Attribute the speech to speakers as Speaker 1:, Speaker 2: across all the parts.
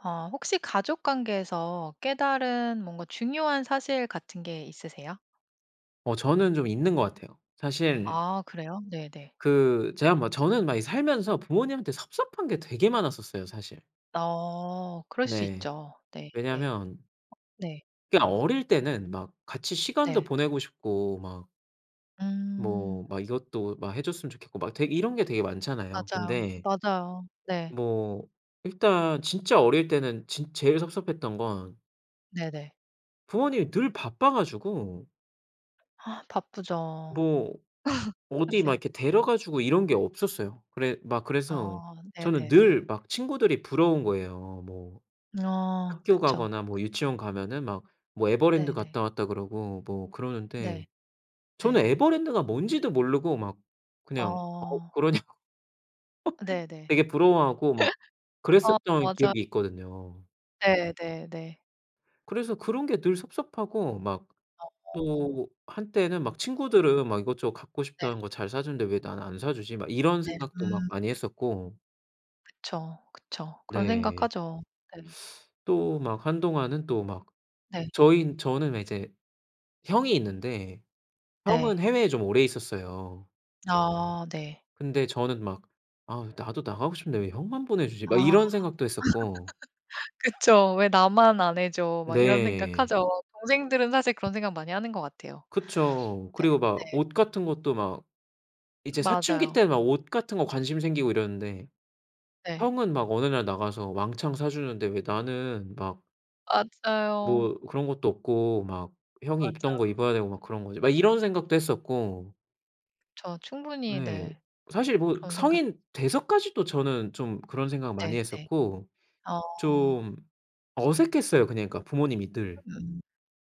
Speaker 1: 어 혹시 가족 관계에서 깨달은 뭔가 중요한 사실 같은 게 있으세요?
Speaker 2: 어 저는 좀 있는 것 같아요. 사실
Speaker 1: 아 그래요? 네네.
Speaker 2: 그 제가 뭐 저는 막 이 살면서 부모님한테 섭섭한 게 되게 많았었어요 사실.
Speaker 1: 어. 그럴 수
Speaker 2: 네.
Speaker 1: 있죠. 네 네.
Speaker 2: 왜냐면
Speaker 1: 네.
Speaker 2: 그냥 어릴 때는 막 같이 시간도
Speaker 1: 네.
Speaker 2: 보내고 싶고 막 뭐
Speaker 1: 음.
Speaker 2: 막 이것도 막 해 줬으면 좋겠고 막 되 이런 게 되게 많잖아요.
Speaker 1: 맞아요.
Speaker 2: 근데
Speaker 1: 맞아요. 네.
Speaker 2: 뭐 일단 진짜 어릴 때는 진 제일 섭섭했던 건
Speaker 1: 네네.
Speaker 2: 부모님이 늘 바빠 가지고
Speaker 1: 아 바쁘죠.
Speaker 2: 뭐 어디 막
Speaker 1: 사실
Speaker 2: 이렇게 데려가 주고 이런 게 없었어요. 그래 막 그래서
Speaker 1: 아
Speaker 2: 저는
Speaker 1: 네네네.
Speaker 2: 늘 막 친구들이 부러운 거예요. 뭐
Speaker 1: 아
Speaker 2: 학교
Speaker 1: 그쵸.
Speaker 2: 가거나
Speaker 1: 그
Speaker 2: 뭐 유치원 가면은 막 뭐 에버랜드
Speaker 1: 네네.
Speaker 2: 갔다 왔다 그러고 뭐 그러는데
Speaker 1: 네.
Speaker 2: 저는
Speaker 1: 네.
Speaker 2: 에버랜드가 뭔지도 모르고 막 그냥 "어
Speaker 1: 어.
Speaker 2: 그러냐."고
Speaker 1: 네네.
Speaker 2: 되게 부러워하고 막
Speaker 1: 아
Speaker 2: 그랬었던
Speaker 1: 맞아.
Speaker 2: 기억이 있거든요.
Speaker 1: 네 네 네.
Speaker 2: 그래서 그런 게 늘 섭섭하고 막
Speaker 1: 어.
Speaker 2: 또 한때는 막 '친구들은 막 이것저것 갖고
Speaker 1: 네.
Speaker 2: 싶다는 거 잘 사주는데 왜 나는 안 사주지?' 막 이런
Speaker 1: 네
Speaker 2: 생각도 막
Speaker 1: 음.
Speaker 2: 많이 했었고
Speaker 1: 그쵸 그쵸. 그런
Speaker 2: 네.
Speaker 1: 생각하죠. 네.
Speaker 2: 또 막 한동안은 또 막
Speaker 1: 네.
Speaker 2: 저희는 저는 왜 이제 형이 있는데 형은
Speaker 1: 네.
Speaker 2: 해외에 좀 오래 있었어요.
Speaker 1: 아 네.
Speaker 2: 근데 저는 막 '아 나도 나가고 싶은데 왜 형만 보내주지?'
Speaker 1: 아.
Speaker 2: 막 이런 생각도 했었고
Speaker 1: 그쵸. '왜 나만 안 해줘?' 막 이런
Speaker 2: 네.
Speaker 1: 생각하죠. 동생들은 사실 그런 생각 많이 하는 것 같아요.
Speaker 2: 그쵸.
Speaker 1: 네
Speaker 2: 그리고 막
Speaker 1: 네.
Speaker 2: 옷 같은 것도 막 이제 사춘기
Speaker 1: 맞아요.
Speaker 2: 때 막 옷 같은 거 관심 생기고 이러는데
Speaker 1: 네.
Speaker 2: 형은 막 어느 날 나가서 왕창 사주는데 '왜 나는 막'
Speaker 1: 맞아요.
Speaker 2: '뭐 그런 것도 없고 막 형이 입던 거
Speaker 1: 맞아.
Speaker 2: 입어야 되고 막 그런 거지?' 막 이런 생각도 했었고
Speaker 1: 저 충분히
Speaker 2: 네.
Speaker 1: 네
Speaker 2: 사실 뭐
Speaker 1: 그런 생각
Speaker 2: 성인 돼서까지도 저는 좀 그런 생각 많이
Speaker 1: 네 네.
Speaker 2: 했었고
Speaker 1: 어.
Speaker 2: 좀 어색했어요, 그냥 그러니까 부모님이 늘.
Speaker 1: 음.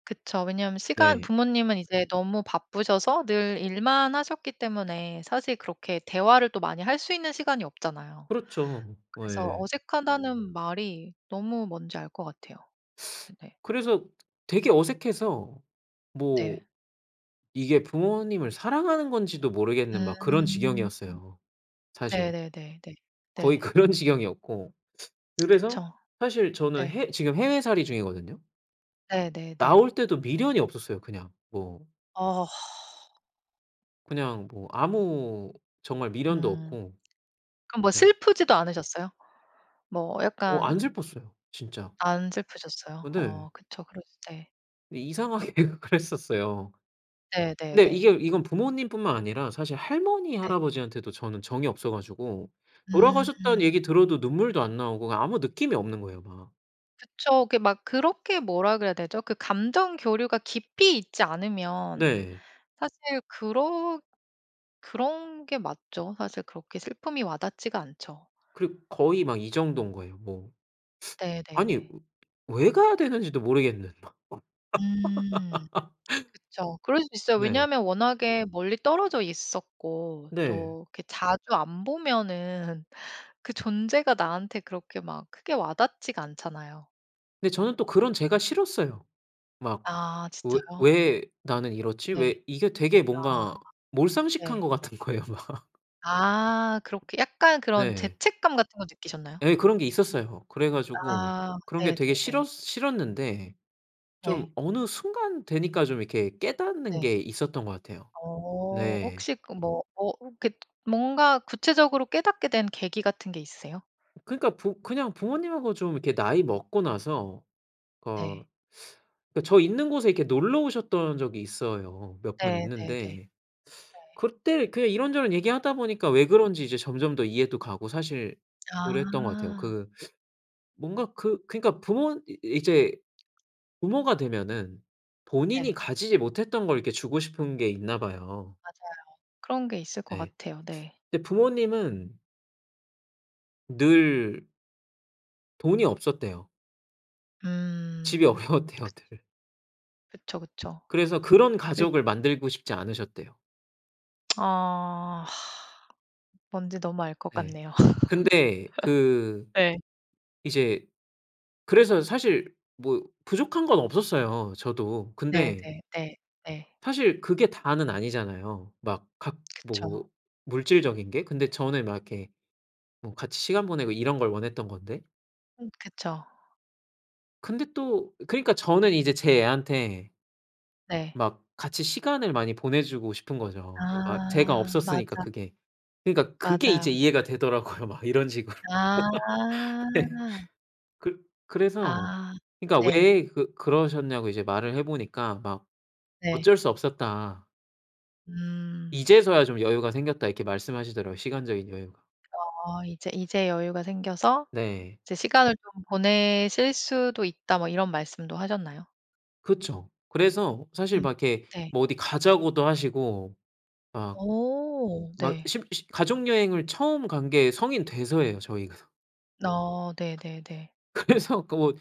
Speaker 1: 그쵸 왜냐면 시간
Speaker 2: 네.
Speaker 1: 부모님은 이제 너무 바쁘셔서 늘 일만 하셨기 때문에 사실 그렇게 대화를 또 많이 할 수 있는 시간이 없잖아요.
Speaker 2: 그렇죠.
Speaker 1: 그래서
Speaker 2: 예.
Speaker 1: '어색하다.'는 말이 너무 뭔지 알 것 같아요. 네네.
Speaker 2: 그래서 되게 어색해서 뭐
Speaker 1: 네.
Speaker 2: 이게 부모님을 사랑하는 건지도 모르겠는 막 그런
Speaker 1: 음.
Speaker 2: 지경이었어요, 사실.
Speaker 1: 네네네네.
Speaker 2: 거의
Speaker 1: 네.
Speaker 2: 그런 지경이었고 그래서
Speaker 1: 그쵸.
Speaker 2: 사실 저는
Speaker 1: 네.
Speaker 2: 해 지금 해외살이 중이거든요.
Speaker 1: 네네네.
Speaker 2: 나올 때도 미련이 없었어요 그냥. 뭐
Speaker 1: 아.
Speaker 2: 그냥 뭐 아무 정말 미련도
Speaker 1: 음.
Speaker 2: 없고
Speaker 1: 그럼 뭐
Speaker 2: 그냥
Speaker 1: 슬프지도 않으셨어요? 뭐
Speaker 2: 어 안
Speaker 1: 약간
Speaker 2: 슬펐어요 진짜.
Speaker 1: 안 슬프셨어요?
Speaker 2: 어 네.
Speaker 1: 어 그쵸. 그럴 수 네.
Speaker 2: 이상하게 그랬었어요. 근데
Speaker 1: 네네네.
Speaker 2: 이게 이건 부모님 뿐만 아니라 사실 할머니,
Speaker 1: 네.
Speaker 2: 할아버지한테도 저는 정이 없어 가지고 돌아가셨다는
Speaker 1: 음.
Speaker 2: 얘기 들어도 눈물도 안 나오고 그냥 아무 느낌이 없는 거예요 막.
Speaker 1: 그쵸. 그게 막 그렇게 뭐라 그래야 되죠? 그 감정 교류가 깊이 있지 않으면
Speaker 2: 네.
Speaker 1: 사실 그러 그런 게 맞죠. 사실 그렇게 슬픔이 와 닿지가 않죠.
Speaker 2: 그리고 거의 막 이 정도인 거예요. 뭐 아니, 왜
Speaker 1: 네네네.
Speaker 2: 왜 가야 되는지도 모르겠는 막.
Speaker 1: 음. 그쵸. 그럴 수 있어요
Speaker 2: 네.
Speaker 1: 왜냐면 워낙에 멀리 떨어져 있었고
Speaker 2: 네.
Speaker 1: 또 이렇게 자주 안 보면은 그 존재가 나한테 그렇게 막 크게 와 닿지가 않잖아요.
Speaker 2: 근데 저는 또 그런 제가 싫었어요. 막
Speaker 1: 아
Speaker 2: '왜
Speaker 1: 진짜요?
Speaker 2: 왜 나는 이렇지?'
Speaker 1: 네.
Speaker 2: 왜 이게 되게
Speaker 1: 아.
Speaker 2: 뭔가 몰상식한
Speaker 1: 네.
Speaker 2: 것 같은 거예요 막.
Speaker 1: 아 그렇게 약간 그런
Speaker 2: 네.
Speaker 1: 죄책감 같은 거 느끼셨나요?
Speaker 2: 예 그런 게 있었어요. 그래 가지고
Speaker 1: 아.
Speaker 2: 그런 게 되게 싫어
Speaker 1: 네네네.
Speaker 2: 싫었는데
Speaker 1: 네.
Speaker 2: 좀 어느 순간 되니까 좀 이렇게 깨닫는
Speaker 1: 네.
Speaker 2: 게 있었던 것 같아요.
Speaker 1: 어
Speaker 2: 네.
Speaker 1: 혹시 그 뭐 어 이렇게 뭔가 구체적으로 깨닫게 된 계기 같은 게 있으세요?
Speaker 2: 그러니까 부 그냥 부모님하고 좀 이렇게 나이 먹고 나서 어
Speaker 1: 네.
Speaker 2: 그러니까 저 있는 곳에 이렇게 놀러 오셨던 적이 있어요. 몇 번
Speaker 1: 네네네.
Speaker 2: 있는데
Speaker 1: 네.
Speaker 2: 그때 그냥 이런저런 얘기하다 보니까 왜 그런지 이제 점점 더 이해도 가고 사실 그랬던 것 같아요.
Speaker 1: 아.
Speaker 2: 그 뭔가 그 그러니까 부모 이 이제 부모가 되면은 본인이
Speaker 1: 네.
Speaker 2: 가지지 못했던 걸 이렇게 주고 싶은 게 있나 봐요.
Speaker 1: 맞아요. 그런 게 있을 것
Speaker 2: 네.
Speaker 1: 같아요. 네.
Speaker 2: 근데 부모님은 늘 돈이 없었대요. 집이
Speaker 1: 음.
Speaker 2: 어려웠대요
Speaker 1: 그쵸.
Speaker 2: 늘.
Speaker 1: 그쵸, 그쵸.
Speaker 2: 그래서 그런
Speaker 1: 그
Speaker 2: 가족을 만들고 싶지 않으셨대요.
Speaker 1: 아. 뭔지 너무 알 것
Speaker 2: 네.
Speaker 1: 같네요.
Speaker 2: 근데 그
Speaker 1: 예.
Speaker 2: 이제 그래서 사실 뭐 부족한 건 없었어요 저도. 근데
Speaker 1: 네네. 네. 네.
Speaker 2: 사실 그게 다는 아니잖아요. 막 각
Speaker 1: 그쵸.
Speaker 2: 뭐 물질적인 게? 근데 저는 막 이렇게 뭐 같이 시간 보내고 이런 걸 원했던 건데?
Speaker 1: 음 그쵸.
Speaker 2: 근데 또 그니까 저는 이제 제 애한테
Speaker 1: 네.
Speaker 2: 막 같이 시간을 많이 보내 주고 싶은 거죠. 아 제가
Speaker 1: 아
Speaker 2: 없었으니까
Speaker 1: 맞아.
Speaker 2: 그게. 그니까 그게 이제
Speaker 1: 맞아요.
Speaker 2: 이해가 되더라고요 막 이런 식으로. 네.
Speaker 1: 아.
Speaker 2: 그 그래서
Speaker 1: 아
Speaker 2: 그니까
Speaker 1: 네.
Speaker 2: 왜 그 그러셨냐고 이제 말을 해 보니까 막
Speaker 1: 네.
Speaker 2: "어쩔 수 없었다."
Speaker 1: 음.
Speaker 2: "이제서야 좀 여유가 생겼다." 이렇게 말씀하시더라고요 시간적인 여유가.
Speaker 1: 어 "이제 이제 여유가 생겨서
Speaker 2: 네.
Speaker 1: 이제 시간을 좀 보내실 수도 있다." 뭐 이런 말씀도 하셨나요?
Speaker 2: 그쵸. 그래서
Speaker 1: 음
Speaker 2: 사실 막 이렇게
Speaker 1: 네.
Speaker 2: 뭐 어디 가자고도 하시고 막
Speaker 1: 어
Speaker 2: 막
Speaker 1: 네.
Speaker 2: 십 시 가족여행을 처음 간 게 성인 돼서예요 저희가.
Speaker 1: 어 네네네.
Speaker 2: 그래서 그 뭐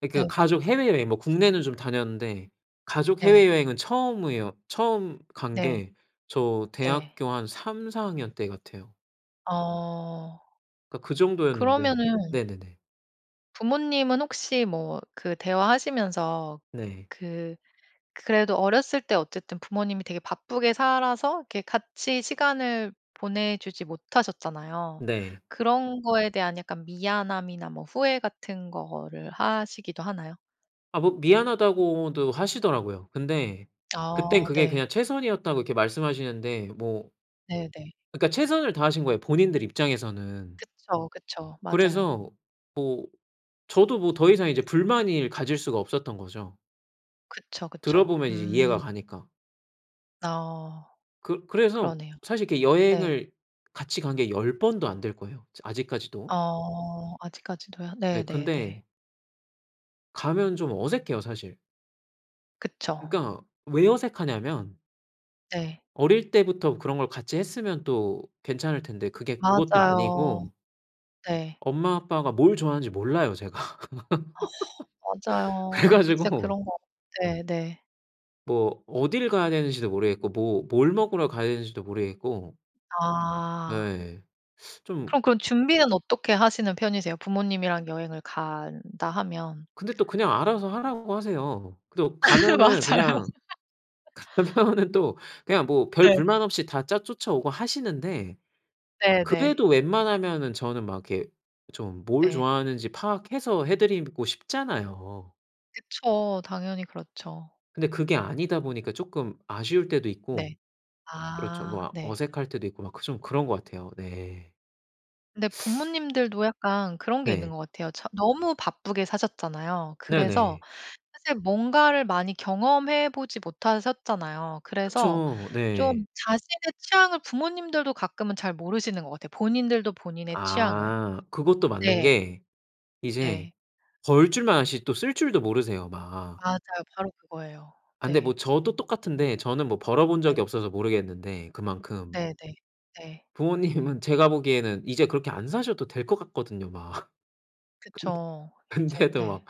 Speaker 2: 그니까
Speaker 1: 네.
Speaker 2: 가족 해외여행 뭐 국내는 좀 다녔는데 가족
Speaker 1: 네.
Speaker 2: 해외여행은 처음이에요. 처음 간
Speaker 1: 네.
Speaker 2: 게 저
Speaker 1: 네.
Speaker 2: 대학교 한 3-4 학년 때 같아요.
Speaker 1: 어.
Speaker 2: 그러니까 그 정도였는데
Speaker 1: 그러면은
Speaker 2: 네네네.
Speaker 1: 부모님은 혹시 뭐 그 대화하시면서
Speaker 2: 네.
Speaker 1: 그 그래도 어렸을 때 어쨌든 부모님이 되게 바쁘게 살아서 이렇게 같이 시간을 보내 주지 못하셨잖아요.
Speaker 2: 네.
Speaker 1: 그런 거에 대한 약간 미안함이나 뭐 후회 같은 거를 하시기도 하나요?
Speaker 2: 아 뭐 미안하다고도 하시더라고요. 근데 그때는
Speaker 1: 어
Speaker 2: 그게
Speaker 1: 네.
Speaker 2: 그냥 최선이었다고 이렇게 말씀하시는데 뭐
Speaker 1: 네네.
Speaker 2: 그러니까 최선을 다하신 거예요 본인들 입장에서는.
Speaker 1: 그쵸, 그쵸. 맞아요.
Speaker 2: 그래서 뭐 저도 뭐 더 이상 이제 불만을 가질 수가 없었던 거죠.
Speaker 1: 그쵸,
Speaker 2: 들어
Speaker 1: 그쵸.
Speaker 2: 보면 이제 이해가
Speaker 1: 음.
Speaker 2: 가니까.
Speaker 1: 아.
Speaker 2: 그 그래서
Speaker 1: 그러네요.
Speaker 2: 사실 이렇게
Speaker 1: 네.
Speaker 2: 여행을 같이 간 게 10 번도 안 될 거예요 저 아직까지도.
Speaker 1: 어 아직까지도요?
Speaker 2: 네
Speaker 1: 네네네.
Speaker 2: 근데 가면 좀 어색해요 사실.
Speaker 1: 그쵸.
Speaker 2: 그러니까 왜 어색하냐면
Speaker 1: 네.
Speaker 2: 어릴 때부터 그런 걸 같이 했으면 또 괜찮을 텐데 그게 그것도
Speaker 1: 맞아요.
Speaker 2: 아니고
Speaker 1: 네.
Speaker 2: 엄마, 아빠가 뭘 좋아하는지 몰라요, 제가.
Speaker 1: 아
Speaker 2: 그래
Speaker 1: 맞아요. 진짜
Speaker 2: 가지고
Speaker 1: 그런 거 네네.
Speaker 2: 뭐 어딜 가야 되는지도 모르겠고 뭐 뭘 먹으러 가야 되는지도 모르겠고
Speaker 1: 아.
Speaker 2: 네. 좀
Speaker 1: 그럼 그런 준비는 어떻게 하시는 편이세요 부모님이랑 여행을 간다 하면?
Speaker 2: 근데 또 그냥 알아서 하라고 하세요. 그래도 가면은
Speaker 1: 맞아요.
Speaker 2: 그냥 가면은 또 그냥 뭐 별
Speaker 1: 네.
Speaker 2: 불만 없이 다 짜 쫓아오고 하시는데
Speaker 1: 네네.
Speaker 2: 그래도 웬만하면은 저는 막 이렇게 좀 뭘
Speaker 1: 네.
Speaker 2: 좋아하는지 파악해서 해 드리고 싶잖아요.
Speaker 1: 그쵸. 당연히 그렇죠.
Speaker 2: 근데 그게 아니다 보니까 쪼끔 아쉬울 때도
Speaker 1: 네.
Speaker 2: 있고 그렇죠.
Speaker 1: 아
Speaker 2: 뭐
Speaker 1: 네.
Speaker 2: 어색할 때도 있고 막 좀 그런 것 같아요. 네.
Speaker 1: 근데 부모님들도 약간 그런 게 있는
Speaker 2: 네.
Speaker 1: 것 같아요. 저 너무 바쁘게 사셨잖아요. 그래서
Speaker 2: 네네.
Speaker 1: 사실 뭔가를 많이 경험해 보지 못하셨잖아요. 그래서
Speaker 2: 그쵸. 네.
Speaker 1: 좀 자신의 취향을 부모님들도 가끔은 잘 모르시는 것 같아요. 본인들도 본인의 취향을.
Speaker 2: 아. 그것도 맞는
Speaker 1: 네.
Speaker 2: 게 이제
Speaker 1: 네.
Speaker 2: 벌 줄만 아시지 또 쓸 줄도 모르세요, 막.
Speaker 1: 맞아요 바로 그거예요.
Speaker 2: 아 근데
Speaker 1: 네.
Speaker 2: 뭐 저도 똑같은데 저는 뭐 벌어 본 적이
Speaker 1: 네네.
Speaker 2: 없어서 모르겠는데 그만큼
Speaker 1: 네네. 네.
Speaker 2: 부모님은 제가 보기에는 이제 그렇게 안 사셔도 될 것 같거든요 막. 근데
Speaker 1: 그쵸. 이제
Speaker 2: 근데도
Speaker 1: 네.
Speaker 2: 막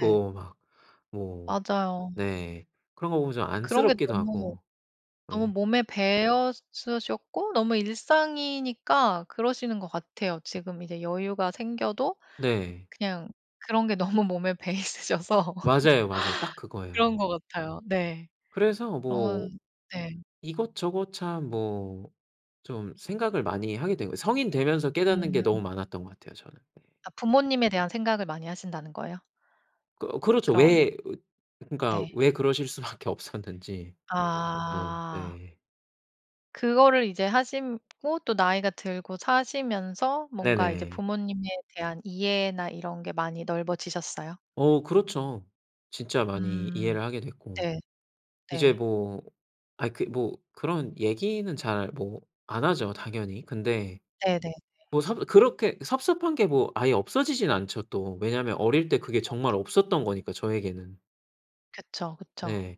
Speaker 1: 네.
Speaker 2: 막 뭐
Speaker 1: 맞아요.
Speaker 2: 네. 그런 거 보면 좀
Speaker 1: 그런 게
Speaker 2: 안쓰럽기도
Speaker 1: 너무
Speaker 2: 하고
Speaker 1: 너무
Speaker 2: 네.
Speaker 1: 몸에 배어 있으셨고 너무 일상이니까 그러시는 것 같아요. 지금 이제 여유가 생겨도
Speaker 2: 네.
Speaker 1: 그냥 그런 게 너무 몸에 배어 있으셔서
Speaker 2: 맞아요, 맞아요. 딱
Speaker 1: 그런
Speaker 2: 그거예요.
Speaker 1: 것 같아요. 네.
Speaker 2: 그래서 뭐
Speaker 1: 그런 네.
Speaker 2: 이것저것 참 뭐 좀 생각을 많이 하게 된 거예요. 성인 되면서 깨닫는 게 너무
Speaker 1: 음.
Speaker 2: 많았던 것 같아요 저는. 네.
Speaker 1: 아 부모님에 대한 생각을 많이 하신다는 거예요?
Speaker 2: 거 그렇죠.
Speaker 1: 그런
Speaker 2: 왜 으 그러니까
Speaker 1: 네.
Speaker 2: 왜 그러실 수밖에 없었는지. 어
Speaker 1: 아.
Speaker 2: 네.
Speaker 1: 그거를 이제 하시고 또 나이가 들고 사시면서 뭔가 이제
Speaker 2: 네네.
Speaker 1: 부모님에 대한 이해나 이런 게 많이 넓어지셨어요?
Speaker 2: 어 그렇죠. 진짜 많이
Speaker 1: 음.
Speaker 2: 이해를 하게 됐고
Speaker 1: 네.
Speaker 2: 이제
Speaker 1: 네.
Speaker 2: 뭐 아이 그 뭐 그런 얘기는 잘 뭐 안 하죠 당연히. 근데
Speaker 1: 네네네.
Speaker 2: 뭐 섭 그렇게 섭섭한 게 뭐 아예 없어지지는 않죠 또. 왜냐면 어릴 때 그게
Speaker 1: 그쵸.
Speaker 2: 정말 없었던 거니까 저에게는.
Speaker 1: 그쵸, 그쵸.
Speaker 2: 네.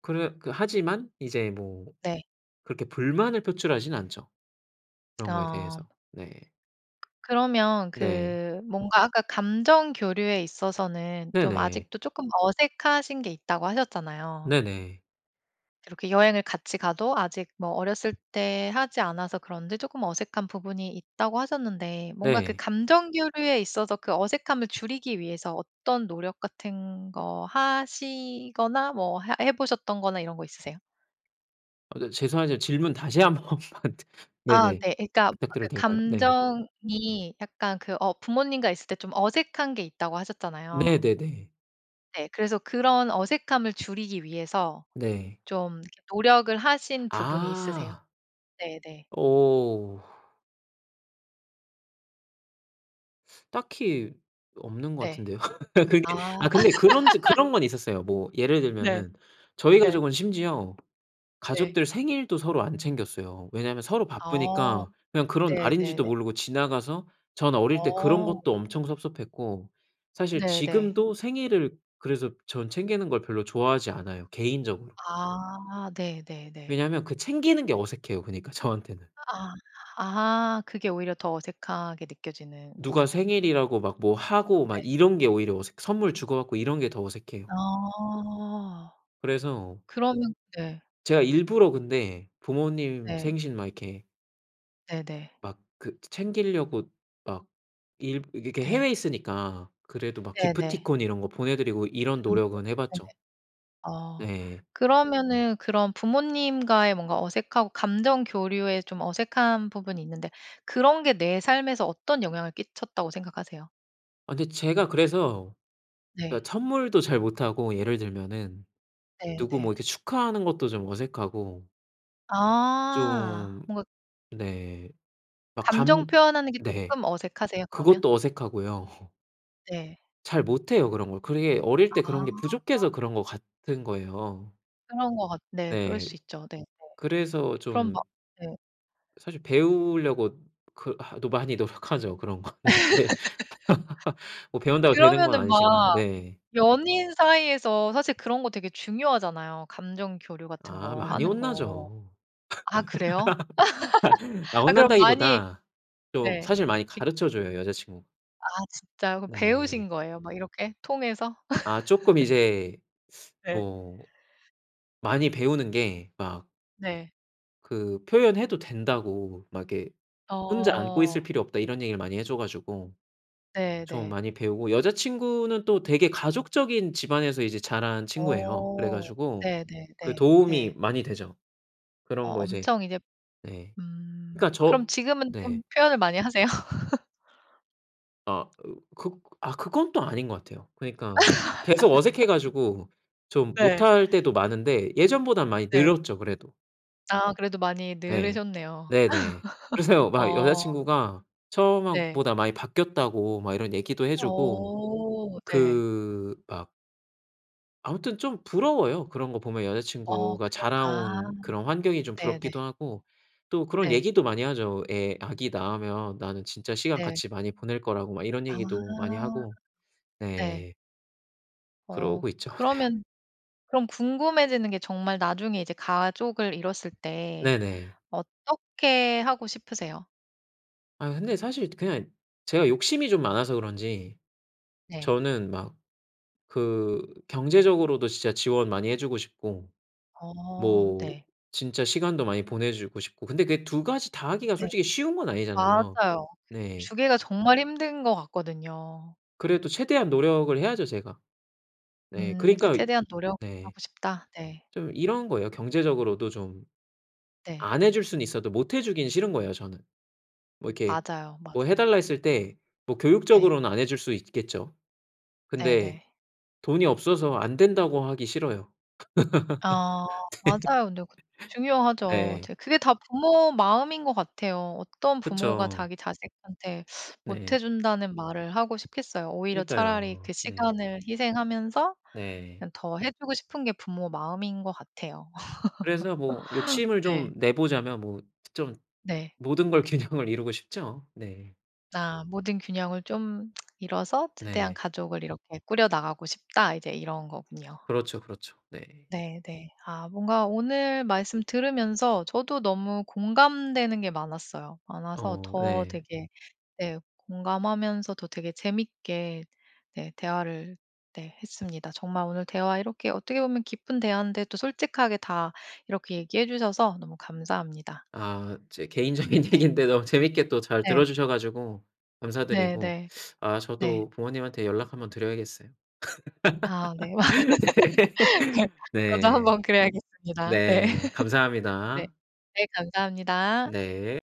Speaker 2: 그래 그 하지만 이제 뭐
Speaker 1: 네.
Speaker 2: 그렇게 불만을 표출하지는 않죠, 그런 거에
Speaker 1: 아.
Speaker 2: 대해서. 네.
Speaker 1: 그러면
Speaker 2: 네.
Speaker 1: 그 뭔가 아까 감정 교류에 있어서는 좀
Speaker 2: 네네.
Speaker 1: 아직도 쪼끔 어색하신 게 있다고 하셨잖아요.
Speaker 2: 네네.
Speaker 1: 이렇게 여행을 같이 가도 아직 뭐 "어렸을 때 하지 않아서 그런지 쪼끔 어색한 부분이 있다."고 하셨는데 뭔가 그
Speaker 2: 네.
Speaker 1: 감정 교류에 있어서 그 어색함을 줄이기 위해서 어떤 노력 같은 거 하시거나 뭐 하 해 보셨던 거나 이런 거 있으세요?
Speaker 2: 아 저 죄송하지만 질문 다시 1 번만 드
Speaker 1: 아
Speaker 2: 네네.
Speaker 1: 네. 그러니까 아까
Speaker 2: 부탁드려도 될까요? 네.
Speaker 1: "감정이 약간 그 어 부모님과 있을 때 좀 어색한 게 있다."고 하셨잖아요.
Speaker 2: 네네네.
Speaker 1: 네 그래서 그런 어색함을 줄이기 위해서
Speaker 2: 네.
Speaker 1: 좀 노력을 하신 부분이 있으세요?
Speaker 2: 아.
Speaker 1: 네 네.
Speaker 2: 오. 딱히 없는 것
Speaker 1: 네.
Speaker 2: 같은데요.
Speaker 1: 아.
Speaker 2: 그게 아 근데 그런 저 그런 건 있었어요. 뭐 예를
Speaker 1: 네.
Speaker 2: 들면은 저희
Speaker 1: 네.
Speaker 2: 가족은 심지어
Speaker 1: 네.
Speaker 2: 가족들 생일도 서로 안 챙겼어요. 왜냐면 서로
Speaker 1: 아.
Speaker 2: 바쁘니까 그냥 그런
Speaker 1: 네 네
Speaker 2: 날인지도
Speaker 1: 네.
Speaker 2: 모르고 지나가서 전 어릴 때 그런
Speaker 1: 어.
Speaker 2: 것도 엄청 섭섭했고 사실
Speaker 1: 네 네.
Speaker 2: 지금도 생일을 그래서 전 챙기는 걸 별로 좋아하지 않아요, 개인적으로.
Speaker 1: 아. 네 네 네.
Speaker 2: 왜냐면 그 챙기는 게 어색해요, 그니까 저한테는.
Speaker 1: 아, 아 그게 오히려 더 어색하게
Speaker 2: 누가
Speaker 1: 느껴지는군요.
Speaker 2: 생일이라고 막 뭐 하고 막
Speaker 1: 네.
Speaker 2: 이런 게 오히려 어색 선물 주고 받고 이런 게 더 어색해요.
Speaker 1: 아.
Speaker 2: 그래서
Speaker 1: 그러면 네.
Speaker 2: 제가 일부러 근데 부모님
Speaker 1: 네.
Speaker 2: 생신 막 이렇게
Speaker 1: 네네.
Speaker 2: 막 그 챙길려고 막 일 이렇게
Speaker 1: 네.
Speaker 2: 해외에 있으니까 그래도 막
Speaker 1: 네네.
Speaker 2: 기프티콘 이런 거 보내 드리고
Speaker 1: 음
Speaker 2: 이런 노력은
Speaker 1: [unintelligible]
Speaker 2: 해
Speaker 1: 네네.
Speaker 2: 봤죠.
Speaker 1: 아.
Speaker 2: 네.
Speaker 1: 그러면은 그런 부모님과의 뭔가 어색하고 감정 교류에 좀 어색한 부분이 있는데 그런 게 내 삶에서 어떤 영향을 끼쳤다고 생각하세요?
Speaker 2: 아 근데 제가 그래서
Speaker 1: 네.
Speaker 2: 예 선물도 잘 못하고 예를 들면은
Speaker 1: 네
Speaker 2: 누구 뭐
Speaker 1: 네.
Speaker 2: 이렇게 축하하는 것도 좀 어색하고
Speaker 1: 아.
Speaker 2: 좀
Speaker 1: 뭔가
Speaker 2: 네. 막
Speaker 1: 감정
Speaker 2: 감
Speaker 1: 표현하는 게
Speaker 2: 네.
Speaker 1: 쪼끔 어색하세요, 그러면?
Speaker 2: 그것도 어색하고요.
Speaker 1: 네.
Speaker 2: 잘 못해요, 그런 걸. 그게 어릴 때
Speaker 1: 아.
Speaker 2: 그런 게 부족해서 그런 것 같은 거예요.
Speaker 1: 그런 거 같 네. 그럴
Speaker 2: 네.
Speaker 1: 수 있죠. 네네.
Speaker 2: 그래서
Speaker 1: 그럼
Speaker 2: 좀
Speaker 1: 뭐 네.
Speaker 2: 사실 배우려고 그 하 또 많이 노력하죠 그런 거는. 그게 뭐 배운다고 되는 건
Speaker 1: 그러면은
Speaker 2: 아니지만,
Speaker 1: 막
Speaker 2: 네.
Speaker 1: 연인 사이에서 사실 그런 거 되게 중요하잖아요 감정 교류 같은
Speaker 2: 아
Speaker 1: 거
Speaker 2: 많이
Speaker 1: 하는 거.
Speaker 2: 혼나죠.
Speaker 1: 아 그래요?
Speaker 2: 아
Speaker 1: 아 그럼 많이
Speaker 2: 혼난다기보다 좀
Speaker 1: 네.
Speaker 2: 사실 많이
Speaker 1: 이
Speaker 2: 가르쳐 줘요, 여자친구.
Speaker 1: 아 진짜요? 그럼 배우신
Speaker 2: 네.
Speaker 1: 거예요 막 이렇게 통해서?
Speaker 2: 아 쪼끔 이제
Speaker 1: 네.
Speaker 2: 뭐 많이 배우는 게 막
Speaker 1: 네.
Speaker 2: 그 "표현해도 된다."고 막 이렇게 "혼자 안고 있을
Speaker 1: 어.
Speaker 2: 필요 없다." 이런 얘기를 많이 해 줘 가지고
Speaker 1: 네
Speaker 2: 좀
Speaker 1: 네.
Speaker 2: 많이 배우고 여자친구는 또 되게 가족적인 집안에서 이제 자란 친구예요. 그래
Speaker 1: 어.
Speaker 2: 가지고
Speaker 1: 네 네
Speaker 2: 그
Speaker 1: 네.
Speaker 2: 도움이
Speaker 1: 네.
Speaker 2: 많이 되죠.
Speaker 1: 어
Speaker 2: 그런 거 이제
Speaker 1: 엄청 이제
Speaker 2: 네.
Speaker 1: 음.
Speaker 2: 그러니까
Speaker 1: 그럼
Speaker 2: 저
Speaker 1: 지금은 좀
Speaker 2: 네.
Speaker 1: 표현을 많이 하세요?
Speaker 2: 아 으 극 아, 그건 또 아닌 것 같아요. 그러니까 계속 어색해 가지고 좀
Speaker 1: 네.
Speaker 2: 못할 때도 많은데 예전보다는 많이
Speaker 1: 네.
Speaker 2: 늘었죠, 그래도.
Speaker 1: 아 그래도 많이
Speaker 2: 네.
Speaker 1: 늘으셨네요.
Speaker 2: 네네. 그래서요 막
Speaker 1: 어.
Speaker 2: 여자친구가 처음 하
Speaker 1: 네.
Speaker 2: 보다 많이 바뀌었다고 막 이런 얘기도 해 주고
Speaker 1: 어 네.
Speaker 2: 그 막 아무튼 좀 부러워요 그런 거 보면.
Speaker 1: 어
Speaker 2: 여자친구가
Speaker 1: 그럼 아.
Speaker 2: 자라온 그런 환경이 좀
Speaker 1: 네네.
Speaker 2: 부럽기도 하고 또 그런
Speaker 1: 네.
Speaker 2: 얘기도 많이 하죠. 애 아기 낳으면 나는 진짜 시간
Speaker 1: 네.
Speaker 2: 같이 많이 보낼 거라고 막 이런
Speaker 1: 아.
Speaker 2: 얘기도 많이 하고
Speaker 1: 네.
Speaker 2: 네.
Speaker 1: 어
Speaker 2: 그러고 있죠. 네.
Speaker 1: 그러면 그럼 궁금해지는 게 정말 나중에 이제 가족을 이뤘을 때
Speaker 2: 네네.
Speaker 1: 어떻게 하고 싶으세요?
Speaker 2: 아 근데 사실 그냥 제가 욕심이 좀 많아서 그런지
Speaker 1: 네.
Speaker 2: 저는 막 그 경제적으로도 진짜 지원 많이 해 주고 싶고
Speaker 1: 어
Speaker 2: 뭐
Speaker 1: 네.
Speaker 2: 진짜 시간도 많이 보내주고 싶고 근데 그게 2 가지 다 하기가
Speaker 1: 네.
Speaker 2: 솔직히 쉬운 건 아니잖아요.
Speaker 1: 맞아요. 그
Speaker 2: 네.
Speaker 1: 주기가 정말 힘든 것 같거든요.
Speaker 2: 그래도 최대한 노력을 해야죠 제가. 네
Speaker 1: 음 그
Speaker 2: 그러니까
Speaker 1: '최대한
Speaker 2: 네.
Speaker 1: 노력하고 싶다.' 네.
Speaker 2: 좀 이런 거예요. 경제적으로도 좀
Speaker 1: 네.
Speaker 2: 안 해 줄 수는 있어도 못 해 주기는 싫은 거예요 저는. 뭐 이렇게
Speaker 1: 맞아요,
Speaker 2: 뭐 해 달라
Speaker 1: 맞아요.
Speaker 2: 했을 때 뭐
Speaker 1: 네.
Speaker 2: 교육적으로는 안 해 줄 수 있겠죠. 근데
Speaker 1: 네네.
Speaker 2: 돈이 없어서 안 된다고 하기 싫어요.
Speaker 1: 아 맞아요. 근데 그
Speaker 2: 네.
Speaker 1: 중요하죠.
Speaker 2: 네.
Speaker 1: 이제 그게 다 부모 마음인 것 같아요. 어떤 부모가
Speaker 2: 그쵸.
Speaker 1: 자기 자식한테 못 해
Speaker 2: 네.
Speaker 1: 준다는 말을 하고 싶겠어요. 오히려 차라리
Speaker 2: 그니까요.
Speaker 1: 그
Speaker 2: 네.
Speaker 1: 시간을 희생하면서
Speaker 2: 네.
Speaker 1: 그냥 더 해 주고 싶은 게 부모 마음인 것 같아요.
Speaker 2: 그래서 뭐 욕심을
Speaker 1: 네.
Speaker 2: 좀 내보자면 뭐 좀
Speaker 1: 네.
Speaker 2: 모든 걸 균형을 이루고 싶죠. 네.
Speaker 1: 아 '모든 균형을 좀 이뤄서 최대한
Speaker 2: 네.
Speaker 1: 가족을 이렇게 꾸려나가고 싶다.' 이제 이런 거군요.
Speaker 2: 그렇죠, 그렇죠. 네.
Speaker 1: 네네. 아 뭔가 오늘 말씀 들으면서 저도 너무 공감되는 게 많았어요. 많아서
Speaker 2: 어
Speaker 1: 더
Speaker 2: 네.
Speaker 1: 되게 네 공감하면서도 되게 재밌게 네 대화를 네 했습니다. 정말 오늘 대화 이렇게 어떻게 보면 깊은 대화인데 또 솔직하게 다 이렇게 얘기해 주셔서 너무 감사합니다.
Speaker 2: 아 제 개인적인
Speaker 1: 네.
Speaker 2: 얘기인데 너무 재밌게 또 잘
Speaker 1: 네.
Speaker 2: 들어주셔 가지고 감사드리고
Speaker 1: 네네.
Speaker 2: 아
Speaker 1: 네.
Speaker 2: 저도 부모님한테 연락 1 번 드려야겠어요.
Speaker 1: 아 네.
Speaker 2: 네.
Speaker 1: 네. 저도
Speaker 2: 네.
Speaker 1: 한번 그래야겠습니다. 네.
Speaker 2: 네.
Speaker 1: 네.
Speaker 2: 감사합니다.
Speaker 1: 네 감사합니다.
Speaker 2: 네.